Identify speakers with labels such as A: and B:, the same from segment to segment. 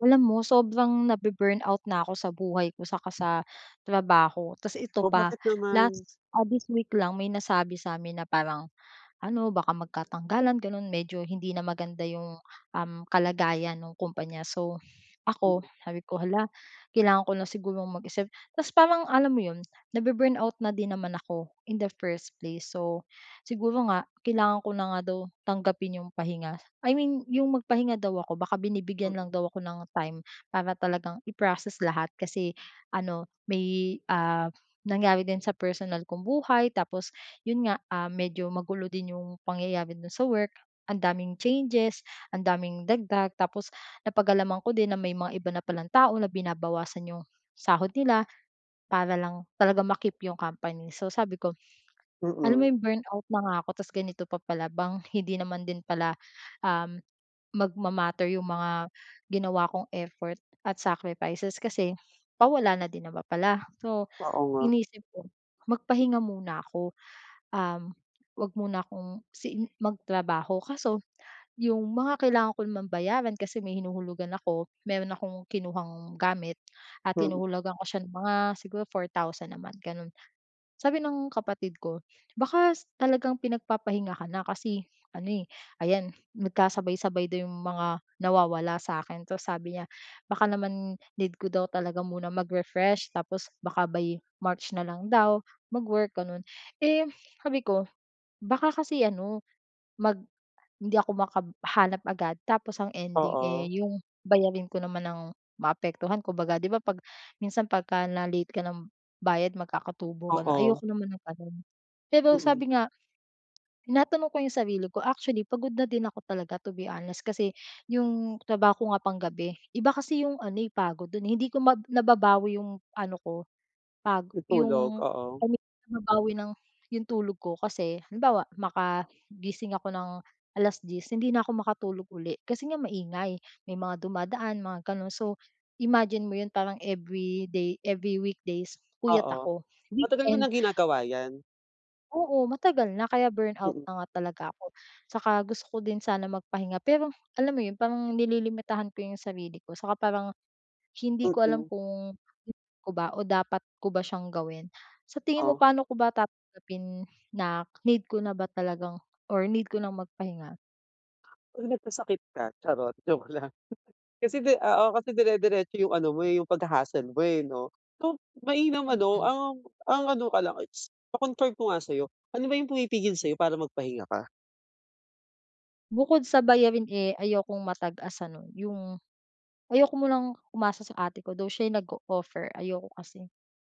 A: Alam mo sobrang nabe-burnout na ako sa buhay ko saka sa trabaho. Tapos ito
B: Oh,
A: pa,
B: bakit naman?
A: last ah, this week lang may nasabi sa'min na parang ano baka magkatanggalan, ganun. Medyo hindi na maganda yung, um, kalagayan nung kumpanya. So, ako
B: Mm.
A: sabi ko, "Hala, kailangan ko na sigurong mag-isip." Tas parang alam mo yun, nabe-burnout na din naman ako in the first place. So, siguro nga kailangan ko na nga daw tanggapin yung pahinga. I mean yung magpahinga daw ako, baka
B: Hmm.
A: binibigyan lang daw ako ng time, para talagang i-proccess lahat. Kasi ano may, ah, nangyari din sa personal kong buhay. Tapos, yun nga, ah, medyo magulo din 'yong pangyayari do'n sa work, ang daming changes ang daming dagdag. Tapos napag-alaman ko din na may mga iba na pa lang tao na binabawasan 'yong sahod nila. Para lang talagang ma-keep 'yong company. So, sabi ko alam mo
B: Mm.
A: 'yong burnout na nga ako. Tas ganito pa pala bang hindi naman din pala, um, magma-matter yung mga ginawa kong effort at sacrifices. Kasi pawala na din naman pala. So,
B: Oo, nga.
A: inisip ko magpahinga muna ako. Um, huwag muna kong, siin magtrabaho. Kaso yung mga kailangan ko naman bayaran, kasi may hinuhulugan ako, meron akong kinuhang gamit at
B: Mm.
A: hinuhulugan ko siya ng mga siguro 4,000 a month, ganon. Sabi ng kapatid ko, "Baka s talagang pinagpapahinga ka na." Kasi ano, eh, ayan nagkasabay-sabay daw 'yong mga nawawala sa'kin. Tas sabi niya, baka naman need ko daw talaga muna mag-refresh. Tapos baka by March na lang daw mag-work, ganon. Eh, sabi ko baka kasi ano mag hindi ako makab hanap agad tapos ang ending, eh,
B: Oo.
A: yung bayarin ko naman ang maapektuhan. Kumbaga, 'di ba, 'pag minsan pagka na-late ka nam bayad magkakatubo, ganun.
B: Oo.
A: Ayoko naman ng ganun. Pero
B: Mm.
A: sabi nga tinatanong ko yung sarili ko actually pagod na din ako talaga to be honest. Kasi 'yong trabaho ko nga panggabi. Iba kasi 'yong ano, eh, pagod dun, eh. Hindi ko mab nababawi 'yong ano ko pag
B: Itulog,
A: 'yong
B: oo.
A: kami babawi ng 'yong tulog ko kasi, halimbawa, makagising ako ng 10:00 hindi na ako makatulog uli. Kasi nga maingay, may mga dumadaan mga gano'n. So, imagine mo 'yon parang everyday, every weekdays puyat
B: Oo,
A: ako.
B: matagal mo
A: Weekend
B: ng ginagawa yan?
A: Oo, matagal na kaya burnout
B: Mm.
A: na nga talaga ako. Saka gusto ko din sana magpahinga pero alam mo yun, parang nililimitahan ko yung sarili ko saka parang hindi ko alam
B: Mm.
A: kung [unintelligible] ko ba o dapat ko ba siyang gawin. Sa tingin mo,
B: Oh.
A: paano ko ba tatanggapin na need ko na ba talagang or need ko ng magpahinga?
B: 'Pag nagkasakit ka. Charot, joke lang. Kasi 'di oo, kasi dire-diretso yung ano mo eh, yung pagha-hustle mo eh, 'no. So, mainam ano,
A: Mm.
B: um, ang ano ka lang it's pa-confirm ko nga sa'yo, ano ba yung pumipigil sa'yo para magpahinga ka?
A: Bukod sa bayarin, eh ayokong ma-tag as ano, yung ayoko munang umasa sa ate ko, though siya yung nag-o-offer, ayoko kasi.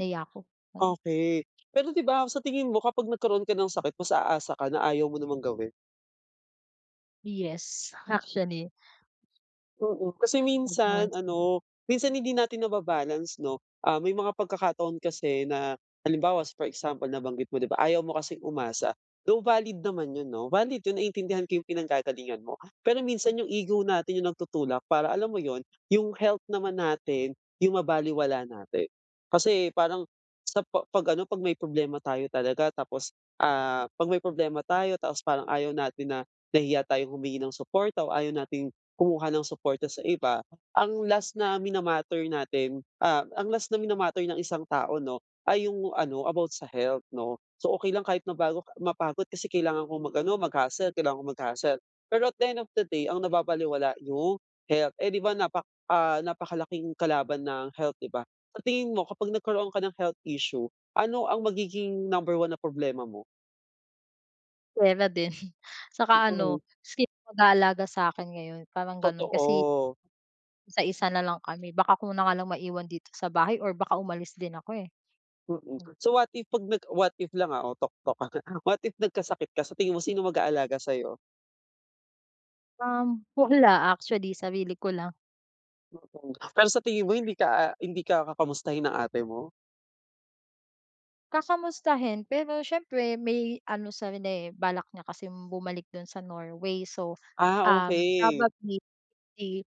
A: Nahihiya ako. Mm.
B: Okey. Pero 'di ba sa tingin mo, kapag nagkaroon ka ng sakit, mas aasa ka na ayaw mo namang gawin.
A: Yes, actually.
B: Mm. Kasi minsan,
A: [unintelligible]
B: ano, minsan hindi natin na ba-balance, 'no. Um, may mga pagkakataon kasi na halimbawa, for example, nabanggit mo 'di ba, ayaw mo kasing umasa. Though valid naman 'yon 'no, valid 'yon, naiintindihan ko yung pinanggagalingan mo. Pero minsan, yung ego natin yung nagtutulak para alam mo 'yon, yung health naman natin yung mabalewala natin. Kasi parang, sa pa 'pag ano, 'pag may problema tayo talaga tapos, ah, 'pag may problema tayo tapos parang ayaw natin na nahihiya tayong humingi ng suporta o ayaw nating kumuha ng suporta sa iba, ang last na mina-matter natin, ah, ang last na minamatter ng isang tao, 'no, ay yung ano about sa health 'no. So okey lang kahit mabago mapagod, kasi kailangan kong mag-ano, mag-hustle, kailangan kong mag-hustle. Pero at the end of the day, ang nababalewala yung health. Eh 'di ba, napak ah, napakalaking kalaban ng health, 'di ba. Sa tingin mo, kapag nagkaroon ka ng health issue, ano ang magiging number 1 na problema mo?
A: Pera din. Saka
B: Mm.
A: ano sino mag-aalaga sakin ngayon, parang ganon kasi
B: Totoo.
A: sa isa na lang kami. Baka ako na nga lang maiwan dito sa bahay or baka umalis din ako, eh.
B: Mm.
A: Hmm.
B: So, what if pag nag what if lang, ah, oh, toktok. What if nagkasakit ka sa tingin mo sino mag-aalaga sa'yo?
A: Um, wala actually sarili ko lang.
B: Mm. Pero sa tingin mo hindi ka, ah, hindi ka kakamustahin ng ate mo?
A: Kakamustahin, pero siyempre may ano seven day. Balak niya kasing bumalik do'n sa Norway. So,
B: Ah,
A: um,
B: okey.
A: probably, eh,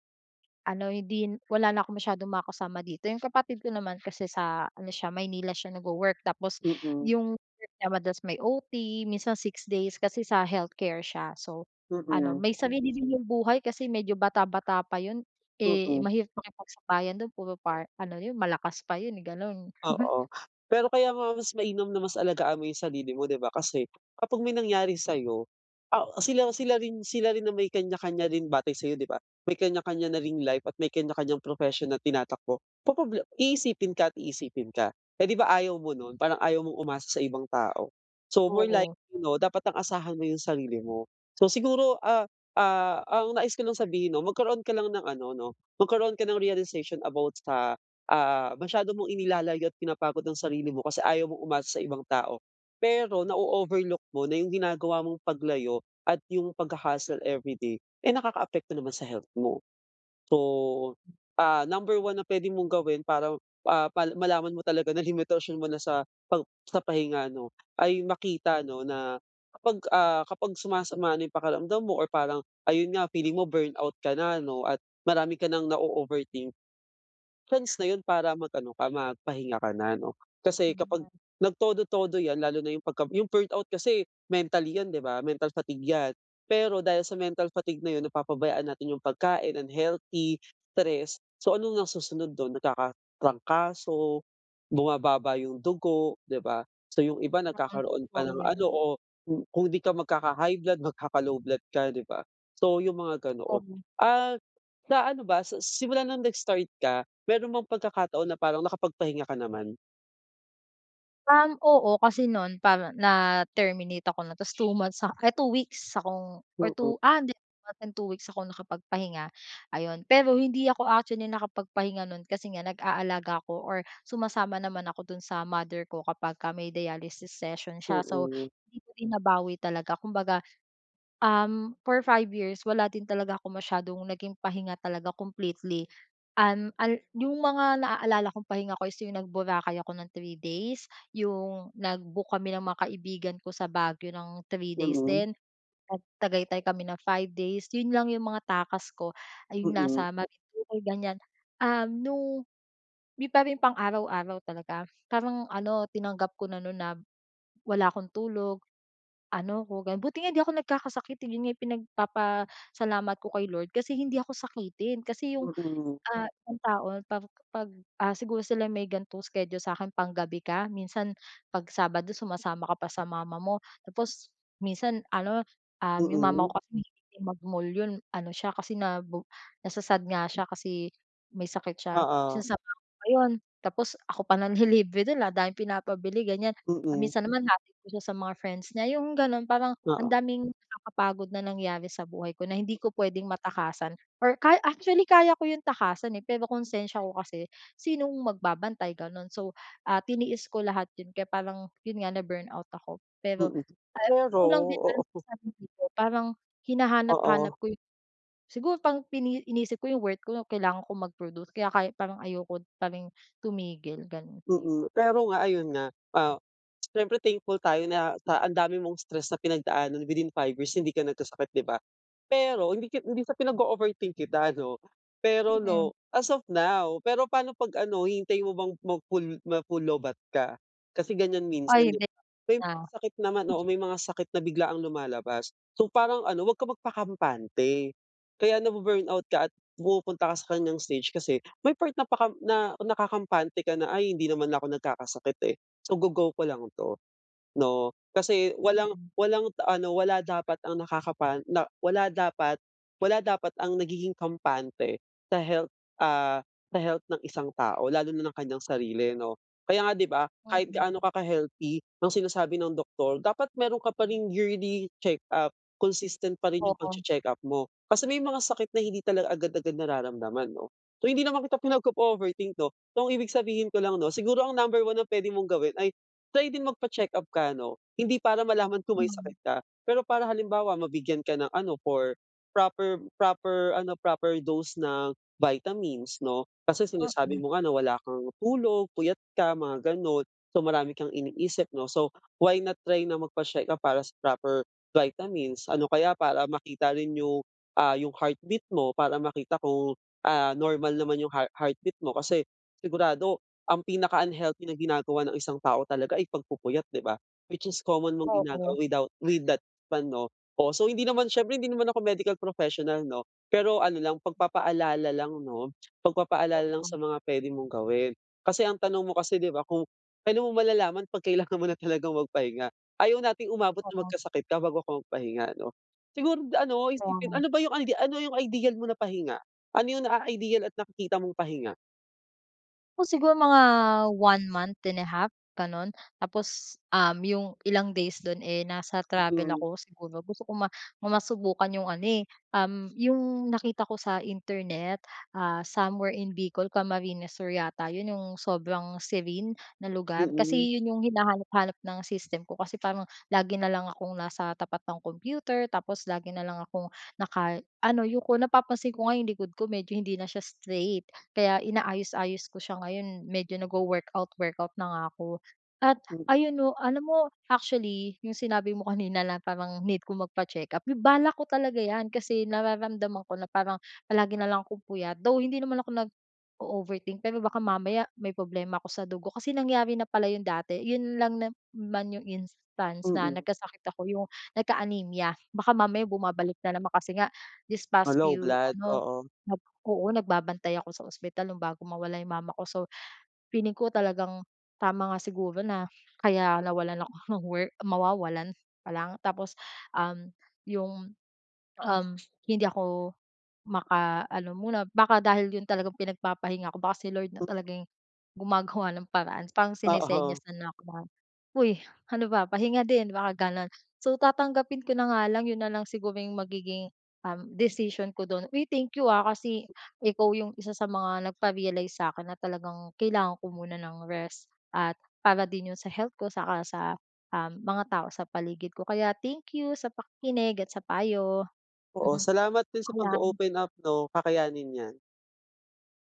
A: ano hindi n wala na akong masyadong makakasama dito. Yung kapatid ko naman kasi sa ano siya Maynila siya nagwo-work. Tapos
B: Mm.
A: 'yong work niya madalas may OT minsan 6 days kasi sa healthcare siya. So, ano
B: Mm.
A: may sarili din 'yong buhay kasi medyo bata-bata pa yun. Eh,
B: Mm.
A: mahirap makipagsabayan do'n puro par ano 'yon malakas pa 'yon, eh, gano'n.
B: Oo. Pero kaya nga mas mainam na mas alagaan mo yung sarili mo, 'di ba? Kasi kapag may nangyari sa'yo, ah, sila sila rin sila rin na may kanya-kanya rin batay sa'yo, 'di ba? May kanya kanya na ring life at may kanya kanyang profession na tinatakbo. Poproble iisipin ka at iisipin ka. Eh, 'di ba, ayaw mo nun. Prang ayaw mong umasa sa ibang tao. So, more
A: Oo.
B: likely, 'no? Dapat ang asahan mo yung sarili mo. So, siguro, ah, ah, ang nais ko lang sabihin, 'no? Magkaroon ka lang ng ano, 'no? Magkaroon ka ng realization about sa, ah, masyado mong inilalayo't pinapagod ang sarili mo, kasi ayaw mong umasa sa ibang tao. Pero na-o-overlook mo na yung ginagawa mong paglayo at yung pagha-hustle everyday, eh, nakakaapekto naman sa health mo. So, ah, number 1 na puwede mong gawin paraw, ah, pa malaman mo talaga na limitasyon mo na sa pap sa pahinga, 'no? Ay makita, 'no, na kapag, ah, kapag sumasama na yung pakiramdam mo or parang ayun nga feeling mo burnout ka na, 'no, at marami ka ng na-o-overthink. Chance na yun para mag ano ka magpahinga ka na, 'no? Kasi
A: Hmm,
B: kapag
A: mari
B: nagtodo-todo yan, lalo na yung pagka yung burnout kasi mentally yon, 'di ba? Mental fatigue yan. Pero dahil sa mental fatigue na yun napapabayaan natin yung pagkain unhealthy, stress. So, ano nga nasusunod dun? Nagkakatrangkaso, bumababa yung dugo, 'di ba? So, yung iba
A: Sang-ay
B: nagkakaroon pa
A: totoo
B: ng
A: yan.
B: ano o kung kung di ka magkaka-high blood, magkaka-low blood ka, 'di ba? So, yung mga ganoon.
A: Ovi
B: Ah, sa ano ba sa s simula nung nag-start ka, meron bang pagkakataon na parang nakapagpahinga ka naman?
A: Um, oo kasi noon parang, na terminate ako 'no ta's 2 months a eh 2 weeks akong or
B: Mm.
A: 2 ah 'di 2 weeks akong nakapagpahinga, ayon. Pero hindi ako actually nakapagpahinga no'n kasi nga nag-aalaga ako or sumasama naman ako dun sa mother ko kapagka may dialysis session siya, so
B: Mm.
A: hindi ko din nabawi talaga kumbaga, um, for 5 years wala din talaga akong masyadong naging pahinga talaga completely. Um, al 'yong mga naalala kong pahinga ko is 'yong nag Boracay ako ng 3 days, 'yong nag-book kami ng mga kaibigan ko sa Baguio ng 3 days
B: Mm.
A: din, nag Tagaytay kami ng 5 days, 'yon lang 'yong mga takas ko, ay 'yong
B: Mm.
A: nasa Marinduque ganiyan. Um, nung hindi pa rin pang araw-araw talaga, parang ano tinanggap ko na no'n na wala akong tulog, ano ko gan buti nga hindi ako nagkakasakit, 'yon nga pinagpapasalamat ko kay Lord kasi hindi ako sakitin kasi 'yong,
B: Mm.
A: ah, isang tao 'pag 'pag, ah, siguro sila may gan'tong schedule sa akin panggabi ka minsan 'pag sabado sumasama ka pa sa mama mo, tapos minsan ano, um, 'yong mama
B: Mm.
A: ko kasi mahilig din mag-mall 'yon ano siya kasi nabo nasa-sad nga siya kasi may sakit siya,
B: Oo.
A: sinasama ko pa 'yon, tapos ako pa nanlilibre dun, daming pinapabili ganiyan. Kung
B: Mm.
A: minsan naman hinahatid ko siya sa mga friends niya, 'yung gano'n, parang ang
B: Oo.
A: daming nakakapagod na nangyari sa buhay ko na hindi ko puwedeng matakasan or ka actually kaya ko 'yung takasan eh pero konsensya ko kasi sinong magbabantay, gano'n. So, ah, tiniis ko lahat 'yun, kaya parang 'yun nga na burnout ako, pero,
B: Mm.
A: ah, hindi
B: Pero
A: ko lang din alam sa
B: oo.
A: sarili ko, parang hinahanap-hanap
B: Oo.
A: ko 'yung siguro pang iniisip ko 'yung worth ko 'no kailangan kong mag-produce kaya ka parang ayoko pa ring tumigil, gano'n.
B: Mm, pero nga ayun nga, ah, siyempre thankful tayo na sa ang dami mong stress na pinagdaanan within 5 years hindi ka nagkasakit 'di ba. Pero hindi ka hindi sa pinag-o-overthink kita, ano. Pero
A: Mhm.
B: 'no, as of now, pero pa'no pag ano hihintayin mo bang mag full ma full low-batt ka. Kasi ganiyan
A: Ay
B: minsan 'diba,
A: hindi
B: may
A: na.
B: sakit naman oo may mga sakit na biglaang lumalabas. So parang ano, huwag kang magpakampante. Kaya na bu-burnout ka at pumupunta ka sa ganiyang stage, kasi may part na pakam na nakakampante ka na, "Ay hindi naman ako nagkakasakit eh, so go go ko lang 'to," 'no. Kasi walang
A: Mhm.
B: walang ano wala dapat ang nakakapan na wala dapat wala dapat ang nagiging kampante sa health, ah sa health ng isang tao, lalo na ng kanyang sarili 'no. Kaya nga 'di ba kahit gaano
A: Mhm.
B: ka healthy ang sinasabi ng doktor dapat meron ka pa ring yearly check up, consistent pa rin 'yung
A: Oo.
B: pag-che-check up mo. Kasi may mga sakit na hindi talaga agad-agad nararamdaman 'no. So hindi naman kita pinag-o-overthink 'no. So ang ibig sabihin ko lang 'no, siguro ang number 1 na puwede mong gawin ay try din mag pa-check-up ka 'no. Hindi para malaman kung may
A: Hmm.
B: sakit ka, pero para halimbawa mabigyan ka ng ano for proper proper ano proper dose ng vitamins 'no. Kasi sinasabi
A: Mhm.
B: mo nga na wala kang tulog, puyat ka, mga gano'n. So marami kang iniisip 'no. So why not try na magpa-check ka para sa proper vitamins ano, kaya para makita rin 'yung, ah, 'yung heartbeat mo. Para makita kung, ah, normal naman 'yung heart heartbeat mo, kasi sigurado ang pinaka unhealthy na ginagawa ng isang tao talaga ay pagpupuyat 'di ba. Which is common mong
A: Oo.
B: ginagawa without with that one 'no. Um, so hindi naman siyempre hindi naman ako medical professional 'no, pero ano lang pagpapaalala lang 'no, pagpapaalala lang
A: Oo.
B: sa mga puwede mong gawin. Kasi ang tanong mo kasi 'di ba, kung kailan mo malalaman 'pag kailangan mo na talagang magpahinga. Ayaw nating umabot na
A: Oo.
B: magkasakit ka bago ka magpahinga 'no. Siguro ano
A: Kaya
B: isipin
A: nga.
B: ano ba 'yung ano ano 'yung ideal mo na pahinga? Ano yung naa-ideal at nakikita mong pahinga?
A: O siguro mga 1 month and a half gano'n. Tapos, um, 'yong ilang days do'n eh, nasa travel
B: Mm.
A: ako siguro. Gusto ko ma masubukan 'yong ano eh, um, 'yong nakita ko sa internet, ah, somewhere in Bicol, Camarines Sur yata 'yon 'yong sobrang serene na lugar. Kasi
B: Mm.
A: 'yon 'yong hinahanap-hanap ng system ko kasi parang lagi na lang akong nasa tapat ng computer, tapos lagi na lang akong naka ano, yuko. Napapansin ko nga yung likod ko medyo hindi na siya straight kaya inaayos-aayos ko siya ngayon, medyo nagwo-workout workout na nga ako. At
B: Mm.
A: ayon 'no, alam mo actually, yung sinabi mo kanina na parang need ko magpa-check-up, balak ko talaga 'yan kasi nararamdaman ko na parang palagi na lang akong puyat, though hindi naman ako nag-o-overthink pero baka mamaya may problema ako sa dugo kasi nangyari na pala 'yon dati. 'Yon lang naman 'yong instance na
B: Mm.
A: nagkasakit ako, 'yong nagka-anemia. Baka mamaya bumabalik na naman kasi nga this
B: Ah,
A: past
B: low
A: few
B: blood.
A: ano,
B: Oo.
A: oo nagbabantay ako sa ospital nung bago mawala 'yong mama ko, so feeling ko talagang tama nga siguro na kaya nawalan ako ng work mawawalan pa lang. Tapos, um, 'yong, um, hindi ako maka ano muna baka dahil 'yon talagang pinagpapahinga ko baka si Lord na
B: Mm.
A: talaga yung gumagawa ng paraan, parang
B: Oo.
A: sinesenyasan na 'ko na, "Huy, ano ba, pahinga din." Baka gano'n, so tatanggapin ko na nga lang 'yon na lang siguro yung magiging, um, decision ko dun. Uy, thank you ah, kasi ikaw yung isa sa mga nagpa-realize sa'kin na talagang kailangan ko muna ng rest at para din yun sa health ko saka sa, um, mga tao sa paligid ko kaya thank you sa pakikinig at sa payo.
B: Oo, salamat din sa
A: Paalam.
B: pag-o-open up 'no. Kakayanin 'yan.